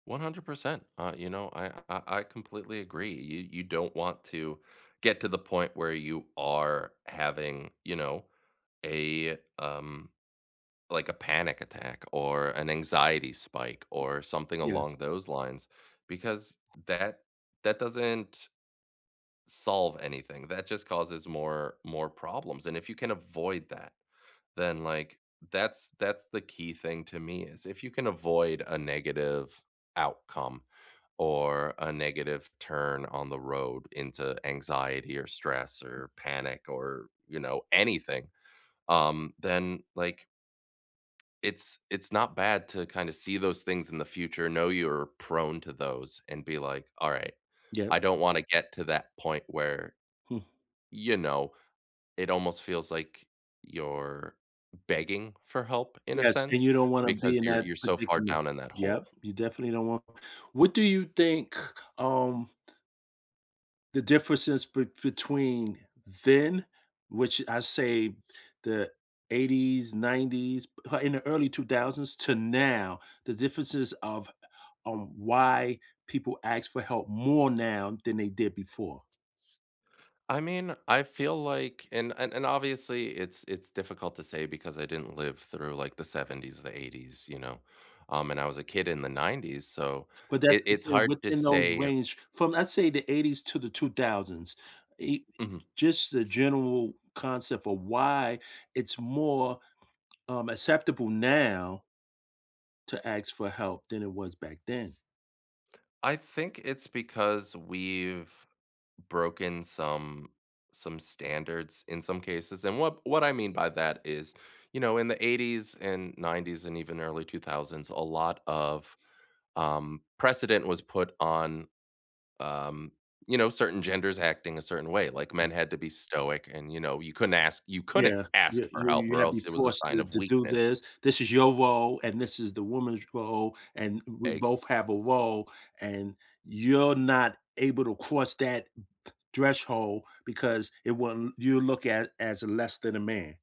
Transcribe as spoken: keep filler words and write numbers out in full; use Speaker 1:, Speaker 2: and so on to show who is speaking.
Speaker 1: one hundred percent. Uh, you know, I I I completely agree. Y you don't want to get to the point where you are having, you know, a, um, like a panic attack or an anxiety spike or something
Speaker 2: Yes.
Speaker 1: along those lines, because that that doesn't solve anything. That just causes more more problems, and if you can avoid that, then, like, that's that's the key thing to me is if you can avoid a negative outcome or a negative turn on the road into anxiety or stress or panic or, you know, anything, um, then, like it's it's not bad to kinda see those things in the future, know you're prone to those and be like, "Alright,
Speaker 2: Yep.
Speaker 1: I don't wanna get to that point where"
Speaker 2: Hmm.
Speaker 1: you know, "it almost feels like you're begging for help, in a
Speaker 2: Yes. And
Speaker 1: sense."
Speaker 2: you don't wanna
Speaker 1: Because
Speaker 2: be in
Speaker 1: you're
Speaker 2: that
Speaker 1: you're so far
Speaker 2: predicament.
Speaker 1: down in that hole.
Speaker 2: Yep. You definitely don't want what do you think, um the differences be between then, which I say the eighties, nineties, p in the early two thousands, to now, the differences of on why people ask for help more now than they did before?
Speaker 1: I mean, I feel like and and, obviously, it's it's difficult to say because I didn't live through, like, the seventies or the eighties, you know? Um, and I was a kid in the nineties, so
Speaker 2: But that's
Speaker 1: it
Speaker 2: what I'm
Speaker 1: it's
Speaker 2: saying,
Speaker 1: hard to
Speaker 2: within those
Speaker 1: say
Speaker 2: range from, let's say the eighties to the two thousands, i
Speaker 1: Mhm.
Speaker 2: just the general concept of why it's more, um, acceptable now to ask for help than it was back then?
Speaker 1: I think it's because we've broken some some standards in some cases. And what what I mean by that is, you know, in the eighties and nineties and even early two thousands, lot of, um, precedent was put on, um, you know, certain genders acting a certain way. Like, men
Speaker 2: Mhm.
Speaker 1: had to be stoic and, you know, you couldn't ask you couldn't
Speaker 2: Yeah.
Speaker 1: ask
Speaker 2: You
Speaker 1: for
Speaker 2: you
Speaker 1: help
Speaker 2: you
Speaker 1: or
Speaker 2: have to be
Speaker 1: else it was a
Speaker 2: forced
Speaker 1: sign
Speaker 2: to
Speaker 1: of
Speaker 2: to do
Speaker 1: weakness.
Speaker 2: this. "This is your role, and this is the woman's role, and w we
Speaker 1: Eg
Speaker 2: both have a role and you're not able to cross that th threshold because it want you look at as less than a man."